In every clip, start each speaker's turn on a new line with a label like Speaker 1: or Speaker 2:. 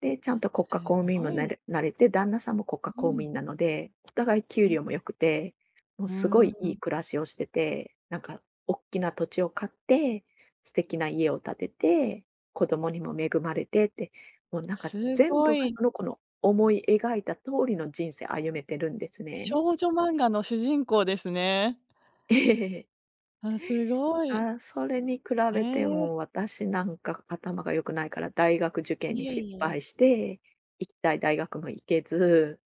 Speaker 1: で、ちゃんと国
Speaker 2: す
Speaker 1: 家公務員
Speaker 2: ご
Speaker 1: もな
Speaker 2: い。
Speaker 1: れなれて、旦那さんも国家
Speaker 2: う
Speaker 1: 公務
Speaker 2: ん。
Speaker 1: 員なので、お互い給
Speaker 2: うん。
Speaker 1: 料も良くて、もう
Speaker 2: う
Speaker 1: すご
Speaker 2: ー
Speaker 1: いいい
Speaker 2: ん。
Speaker 1: 暮らしをしてて、なんかおっきな土地を買って、素敵な家を建てて、子供にも恵まれてって、もうなんか
Speaker 2: す
Speaker 1: 全
Speaker 2: ご
Speaker 1: 部が
Speaker 2: い。
Speaker 1: その子の思い描いた通りの人生、歩めてるんです
Speaker 2: 少
Speaker 1: ね。
Speaker 2: 女漫画の主人公ですね。あ、すごい。
Speaker 1: ああ、それに比
Speaker 2: へ
Speaker 1: べて、
Speaker 2: え。
Speaker 1: もう私なんか頭が良くないから大学受験
Speaker 2: い
Speaker 1: に
Speaker 2: え
Speaker 1: 失
Speaker 2: いえ。
Speaker 1: 敗して、行きたい大学も行けず、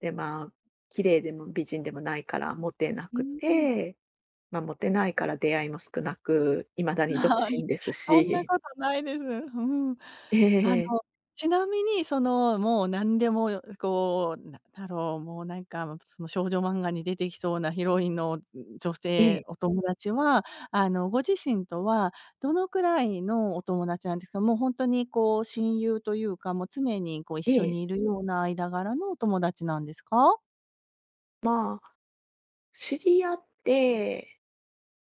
Speaker 1: で、まあ、綺麗でも美人でもないからもてな
Speaker 2: う
Speaker 1: く
Speaker 2: んうん。
Speaker 1: て、ま、もてないから出会いも少なく、未だに独
Speaker 2: はい、
Speaker 1: 身です
Speaker 2: そんな
Speaker 1: し
Speaker 2: ことないです。うん。
Speaker 1: え、へ
Speaker 2: あの、
Speaker 1: へえ。
Speaker 2: ちなみにその、もうなんでも、よこう、なんだろう、もうなんか、も、その少女漫画に出てきそうなヒロインの、ん、女
Speaker 1: え
Speaker 2: 性、
Speaker 1: え。
Speaker 2: お友達は、あの、ご自身とはどのくらいのお友達なんですか？もう、ほんとにこう親友というか、もう常にこう一
Speaker 1: え
Speaker 2: 緒
Speaker 1: え。
Speaker 2: にいるような間柄のお友達なんですか？
Speaker 1: まあ、知り合って、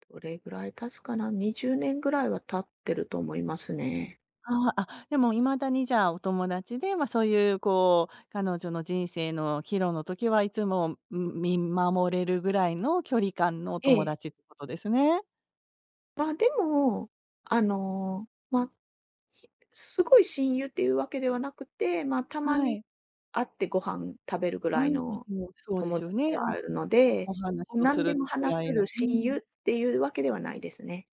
Speaker 1: どれぐらい経つかな？20年ぐらいは経ってると思いますね。
Speaker 2: ああ、あ、でも未だにじゃあ、お友達で、ま、そういう、こう、彼女の人生の岐路の時は、いつも、うん、見守れるぐらいの距離感のお
Speaker 1: え
Speaker 2: 友
Speaker 1: え。
Speaker 2: 達ってことですね。
Speaker 1: ま、でも、あの、ま、し凄い親友っていうわけではなくて、ま、たま
Speaker 2: は
Speaker 1: に、
Speaker 2: い。
Speaker 1: 会ってご飯食べるぐ
Speaker 2: う
Speaker 1: らい
Speaker 2: ん、あ、
Speaker 1: の
Speaker 2: もう、そうで
Speaker 1: 友
Speaker 2: すよ
Speaker 1: 達
Speaker 2: ね、
Speaker 1: であ
Speaker 2: うん、
Speaker 1: るので、
Speaker 2: お
Speaker 1: も
Speaker 2: 話
Speaker 1: う
Speaker 2: を
Speaker 1: な
Speaker 2: す
Speaker 1: んで
Speaker 2: る
Speaker 1: も
Speaker 2: ぐ
Speaker 1: 話
Speaker 2: らい
Speaker 1: せ
Speaker 2: の
Speaker 1: る
Speaker 2: う
Speaker 1: 親
Speaker 2: ん。
Speaker 1: 友っていうわけではないですね。